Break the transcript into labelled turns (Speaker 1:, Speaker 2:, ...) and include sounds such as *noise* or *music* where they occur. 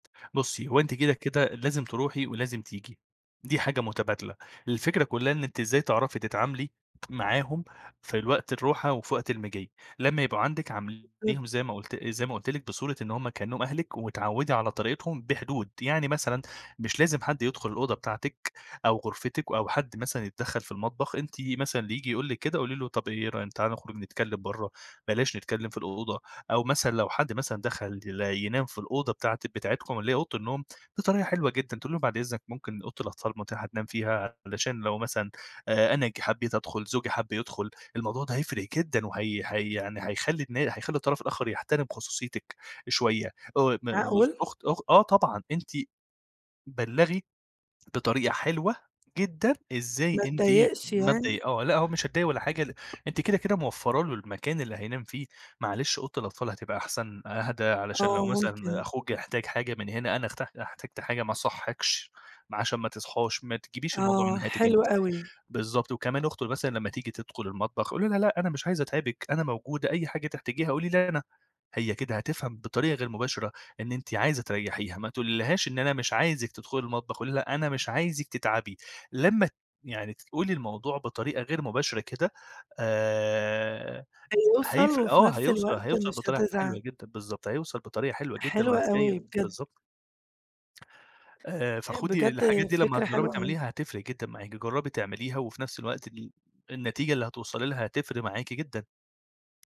Speaker 1: بصي، هو أنتِ كده، كده لازم تروحي ولازم تيجي، دي حاجة متبادلة. الفكرة كلها إن أنتِ إزاي تعرفي تتعاملي معاهم في ال وقت الروحة وفي وقت المِجي. لمّا يبقوا عندِك عامليهم
Speaker 2: *unintelligible*
Speaker 1: زي ما قلت زي ما قلت لِك بصورة إن هم كأنهم أهلِك واتعودي على طريقتهم بحدود، يعني مثلًا مش لازم حد يدخل الأوضة بتاعتِك أو غرفتِك أو حد مثلًا يتدخل في المطبخ. أنتِ مثلًا اللي ييجي يقول لِك كده، قولي له طب إيه رأي تعالَ نخرج نتكلم برا، بلاش نتكلم في الأوضة. أو مثلًا لو حد مثلًا دخل ي ينام في الأوضة بتاعة بتاعتكم اللي هي أوضة النوم، دي طريقة حلوة جدًا تقولي لهم، بعد إذنك ممكن أوضة الأطفال متاحة تنام فيها علشان لو مثلًا آآ، أنا ج حبيت أدخل، زوجي حب يدخل، الموضوع ده هيفرق جدًا وهَي هَي يعني هيخلي النا هيخلي الطرف الآخر يحترم خصوصيتِك شوية. آآ، م *unintelligible*
Speaker 2: معقول؟ّ!
Speaker 1: وأخت أخت آه، طبعًا، أنتِ بلغي بطريقة حلوة جدًا إزاي
Speaker 2: ما
Speaker 1: أنتِ
Speaker 2: اتضايقش
Speaker 1: ما تضي
Speaker 2: يعني؟
Speaker 1: آه، لأ، هو مش هيتضايق ولا حاجة، ل أنتِ كده، كده موفرة له المكان اللي هينام فيه، معلش أوضة الأطفال هتبقى أحسن، أهدى علشان لو
Speaker 2: آه،
Speaker 1: مثلًا
Speaker 2: ممكن.
Speaker 1: أخوك احتاج حاجة من هنا، أنا أحت احتجت حاجة ما اصّحيكش ما عشان ما تصحاش، ما تجيبيش الموضوع من
Speaker 2: آه،
Speaker 1: ناحيتِك أنتِ.
Speaker 2: حلو أوي.
Speaker 1: بالضبط، وكمان أخته مثلًا لمّا تيجي تدخل المطبخ قولي لها، لأ، أنا مش عايزة أتعبِك أنا موجودة، أي حاجة تحتاجيها قولي لي أنا. هي كده هتفهم بطريقة غير مباشرة إن أنتِ عايزة تريحيها، ما تقولِيلهاش إن أنا مش عايزك تدخلي المطبخ، قولي لها أنا مش عايزك تتعبي. لمّا ت يعني تقولي الموضوع بطريقة غير مباشرة كده آآ،
Speaker 2: هيوصل
Speaker 1: هيفرق.
Speaker 2: وفي
Speaker 1: آه،
Speaker 2: نفس
Speaker 1: هيوصل
Speaker 2: الوقت
Speaker 1: هيوصل
Speaker 2: مش
Speaker 1: بطريقة حلوة
Speaker 2: هتزعل.
Speaker 1: جدًا، بالضبط، هيوصل بطريقة حلوة جدًا
Speaker 2: حلوة
Speaker 1: وهتلقي
Speaker 2: أوي، بجد.
Speaker 1: بالضبط. آآ،
Speaker 2: آآ،
Speaker 1: فخدي
Speaker 2: بجد
Speaker 1: الحاجات دي لمّا
Speaker 2: فكرة
Speaker 1: تجربي
Speaker 2: حلوة أوي.
Speaker 1: تعمليها هتفرق جدًا معاكِ، جربي تعمليها وفي نفس الوقت ال النتيجة اللي هتوصلي لها، هتفرق معاكِ جدًا.